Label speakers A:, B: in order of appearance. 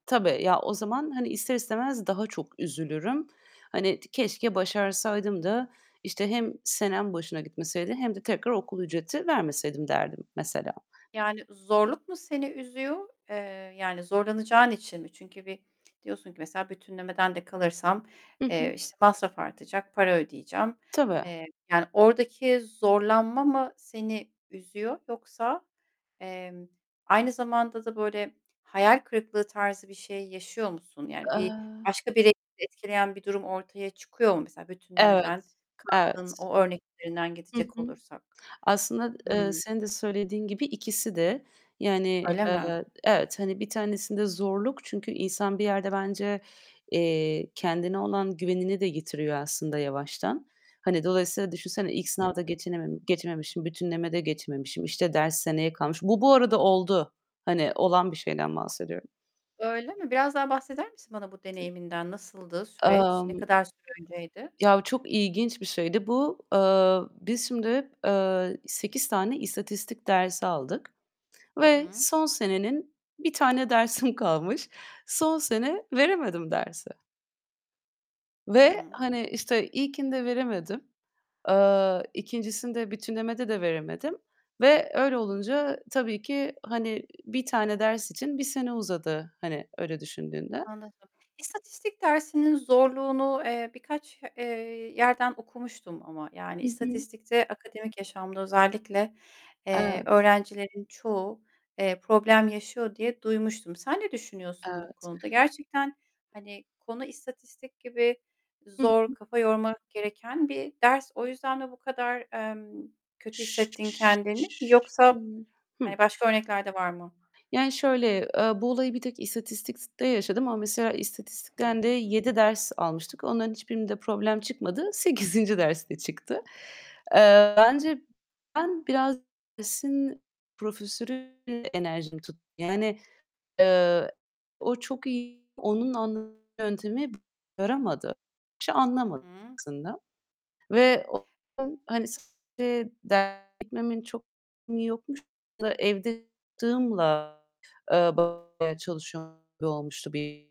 A: Tabii. Ya, o zaman, hani, ister istemez daha çok üzülürüm. Hani ti "Keşke başarsaydım da," işte, "hem senem boşuna gitmeseydi hem de tekrar okul ücreti vermeseydim." derdim mesela.
B: Yani, zorluk mu seni üzüyor, eee, yani zorlanacağın için mi? Çünkü bir diyorsun ki mesela "Bütünlemeden de kalırsam,
A: Hı hı.
B: eee, işte, masraf artacak, para ödeyeceğim."
A: Tabii.
B: Eee, yani oradaki zorlanma mı seni üzüyor yoksa, emm, aynı zamanda da böyle hayal kırıklığı tarzı bir şey yaşıyor musun? Yani bir
A: Eee
B: başka bir etkileyen bir durum ortaya çıkıyor mu? Mesela bütünlemeden
A: Evet,
B: kaldığın
A: evet.
B: o örnek üzerinden
A: Hı
B: gidecek
A: hı.
B: olursak.
A: Aslında, eee,
B: Hımm.
A: senin de söylediğin gibi ikisi de. Yani,
B: Öyle mi?
A: eee, evet, hani 1 tanesinde zorluk Çünkü insan bir yerde bence, eee, kendine olan güvenini de yitiriyor aslında yavaştan. Hani dolayısıyla düşünsene ilk sınavda
B: [unintelligible]
A: geçinemem geçememişim, bütünleme de geçmemişim, işte, ders seneye kalmış. Bu, bu arada oldu. Hani olan bir şeyden bahsediyorum.
B: Öyle mi? Biraz daha bahseder misin bana bu deneyiminden? Nasıldı süreç? Ne
A: Emm
B: kadar süre önceydi?
A: ya, çok ilginç bir şeydi bu. Eee, biz şimdi, eee, 8 tane istatistik dersi aldık
B: Hı
A: ve
B: hı.
A: son senenin 1 tane dersim kalmış. Son sene veremedim dersi ve,
B: Hıı.
A: hani, işte, ilkinde veremedim, eee, ikincisinde, bütünlemede de veremedim ve öyle olunca tabii ki, hani, 1 tane ders için 1 sene uzadı. Hani öyle düşündüğünde.
B: Anladım. İstatistik dersinin zorluğunu, eee, birkaç, eee, yerden okumuştum ama yani
A: Hı hı.
B: istatistikte akademik yaşamda özellikle, eee,
A: Evet.
B: öğrencilerin çoğu, eee, problem yaşıyor diye duymuştum. Sen ne düşünüyorsun bu
A: Evet.
B: konuda? Gerçekten, hani, konu istatistik gibi
A: Hı
B: zor,
A: hı.
B: kafa yormak gereken bir ders; o yüzden mi bu kadar, eee, kötü hissettin kendini yoksa,
A: [unintelligible] Hıh?
B: hani, başka örnekler de var mı?
A: Yani şöyle, eee, bu olayı bir tek istatistikte yaşadım ama mesela istatistikten de
B: Hıı.
A: 7 ders almıştık. Onların hiçbirinde problem çıkmadı. 8'inci derste çıktı. Eee, bence ben biraz dersin profesörüyle enerjim tut yani, eee, o çok iyi, onun anlatma yöntemi yaramadı. Bişey
B: Hı
A: anlamadım
B: hı.
A: aslında. Ve hani gitmemin çok yokmuş evde eee, bayağı çalışıyor gibi olmuştu bir